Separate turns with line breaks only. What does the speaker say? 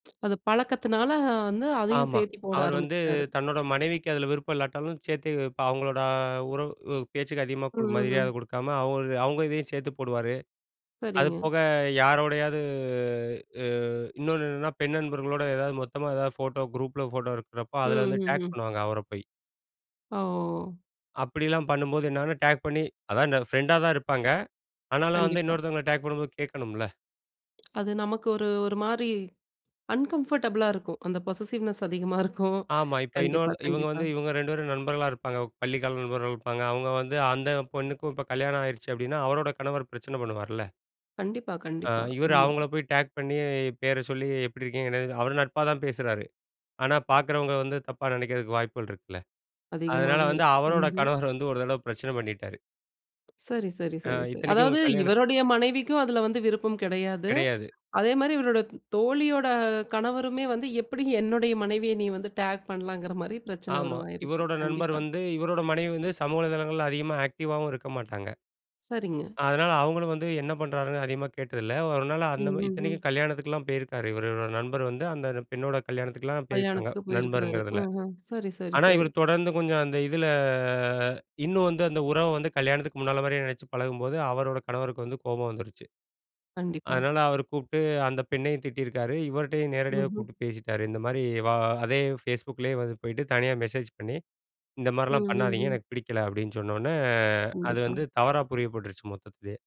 அது பழக்கத்தினால வந்து, அதையும்
ஆமா,
சேர்த்தி போட
அவர் வந்து
ஆரம்பிச்சுட்டாரு.
தன்னோட மனைவிக்கு அதில விருப்பம் இல்லாட்டாலும் சேர்த்து, இப்ப அவங்களோட உறவு பேச்சுக்கு அதிகமா கு மரியாத
ம்ஹும்.
குடுக்காம, அவ அவங்க இதையும் சேத்து போடுவாரு.
சரிங்க.
அதுபோக யாரோடையாவது, ஆ இன்னொன்னு என்னென்னா பெண் நண்பர்களோட எதாவது மொத்தமா ஏதாவது ஃபோட்டோ குரூப்ல ஃபோட்டோ எடுக்கிறப்போ, அதில வந்து டேக்
ம்ஹுஹும்.
பண்ணுவாங்க. அவர போய்.
ஓ!
அப்படிலாம் பண்ணும்போது என்னாகுனா, டேக் பண்ணி அதான் பிரெண்ட்டா தான் இருப்பாங்க. ஆனாலும் வந்து,
கண்டிப்பா.
இன்னொருத்தவங்கள டேக் பண்ணும்போது கேக்கணும்ல.
அது நமக்கு ஒரு, ஒரு மாரி அன்கம்ஃபர்டபுளா இருக்கும். அந்த பொசஸஸிவ்னெஸ் அதிகமா இருக்கும்.
ஆமா, இப்ப
கண்டிப்பா,
இன்னொரு இவங்க
கண்டிப்பா.
வந்து, இவங்க 2 பேரும் நண்பர்களா இருப்பாங்க. பள்ளிக்கால நண்பர்கள் இருப்பாங்க. அவங்க வந்து, அந்த பொண்ணுக்கும் இப்ப கல்யாணம் ஆயிருச்சு அப்படின்னா, அவரோட கணவர் பிரச்சன பண்ணுவார்ல.
கண்டிப்பா,
ஆ
கண்டிப்பா.
இவர்
ஆமா.
அவங்கள போய் டேக் பண்ணி, பேர சொல்லி எப்படி இருக்கீங்க? என்ன இருக்கீங்க. அவர் நட்பா தான் பேசுறாரு. ஆனா, பாரக்கிறவங்க வந்து தப்பா நெனைக்கிறதுக்கு வாய்ப்புகள் இருக்குல்ல. அதனால
அதிகமாவே
வந்து
இருக்கு.
அவரோட
ம்ஹும்.
கணவர் வந்து ஒரு தடவ பிரச்சன பண்ணிட்டாரு.
சரி, சரி,
ஆ
சரி, சரி.
இத்தனைக்கும் இவுங்க
அதாவது
கல்யாணத்துக்கு
இவருடைய மனைவிக்கும் அதுல வந்து விருப்பம் கெடையாது.
கெடையாது.
அதே மாரி இவருடைய தோழியோட கணவருமே வந்து, எப்படி என்னுடைய மனைவிய நீ வந்து டாக் பண்ணலாங்கிற மாதிரி பிரச்சன
ஆமா,
உருவாகிருச்சு.
இவரோட நண்பர்
கண்டிப்பா.
வந்து இவரோட மனைவி வந்து, சமூக தளங்கள்ல அதிகமா ஆக்டிவாகவும் இருக்க மாட்டாங்க.
சரிங்க.
அதனால அவங்களும் வந்து என்ன பண்றாருன்னு அதிகமா கேட்டதில்ல. ஒரு நாள் அந்த
ம்ஹுஹும்.
இத்தனைக்கும் கல்யாணத்துக்குலாம் போயிருக்காரு. இவரோட நண்பர் வந்து, அந்த பெண்ணோட கல்யாணத்துக்குலாம் போயிருக்காங்க.
கல்யாணத்துக்கு போயிருக்கிறாரு.
நண்பர்ங்கிறதில,
அஹ. சரி, சரி,
ஆனா
சரி.
இவர் தொடர்ந்து கொஞ்சம் அந்த இதில இன்னும் வந்து, அந்த உறவ வந்து கல்யாணத்துக்கு முன்னால மாரியே நினச்சு பழகும்போது, அவரோட கணவருக்கு வந்து கோபம் வந்துருச்சு.
கண்டிப்பா.
"அதனால அவர கூப்ட்டு அந்த பெண்ணையும் திட்டியிருக்காரு. இவர்டயும் நேரடியாவே
ம்ஹும்.
கூப்பிட்டு பேசிட்டாரு." இந்த மாரி, "வா அதே ஃபேஸ்புக்லேயே வந்து போயிட்டு தனியா மெசேஜ் பண்ணி இந்த மாரிலாம் பண்ணாதீங்க
ம்ஹுஹும்.
எனக்கு பிடிக்கல." அப்படீன்னு சொன்ன உடனே அது
கண்டிப்பா.
வந்து தவறா புரியப்பட்டுருச்சு மொத்தத்துலயே.